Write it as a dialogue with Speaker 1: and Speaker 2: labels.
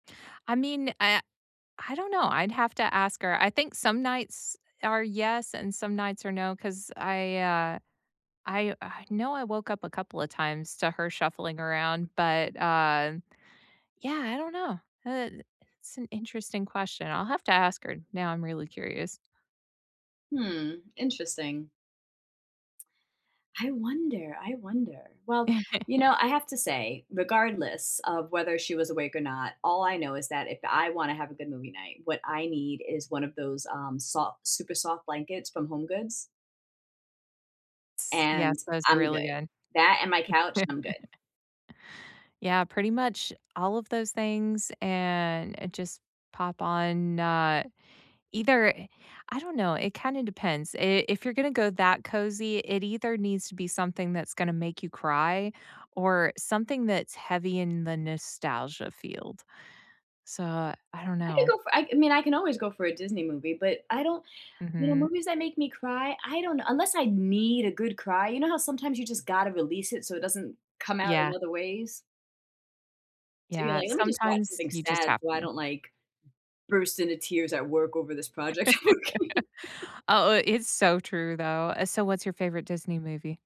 Speaker 1: I mean, I I don't know, I'd have to ask her. I think some nights are yes and some nights are no 'cause I, uh, I I know I woke up a couple a times to her shuffling around, but, um, yeah, I don't know. I i it's an interesting question. I'll have to ask her, now I'm really curious.
Speaker 2: Hmm, interesting. I wonder I wonder. Well, you know, I have to say, regardless of whether she was awake or not, all I know is that if I wanna have a good movie night, what I need is one of those, um, soft super soft blankets from HomeGoods
Speaker 1: Ts Yes.
Speaker 2: and
Speaker 1: Those are
Speaker 2: I'm
Speaker 1: really
Speaker 2: good.
Speaker 1: good.
Speaker 2: That and my couch, I'm good.
Speaker 1: Yeah, pretty much all of those things, and it just pop on, uh, either I don't know, it kinda depends. I if you're gonna go that cozy, it either needs to be something that's gonna make you cry or something that's heavy in the nostalgia field. So, I don't
Speaker 2: I could
Speaker 1: know.
Speaker 2: go for I mean, I can always go for a Disney movie, but I don't you know,
Speaker 1: Mhm.
Speaker 2: movies that make me cry, I don't unless I need a good cry, you know how sometimes you just gotta release it, so it doesn't come out in
Speaker 1: Yeah.
Speaker 2: other ways? So, you're
Speaker 1: Yeah,
Speaker 2: like, "Let me just watch
Speaker 1: sometimes
Speaker 2: something
Speaker 1: you just
Speaker 2: sad
Speaker 1: have
Speaker 2: so I
Speaker 1: to.
Speaker 2: don't, like, burst into tears at work over this project."
Speaker 1: Oh, i it's so true, though, uh, so what's your favorite Disney movie?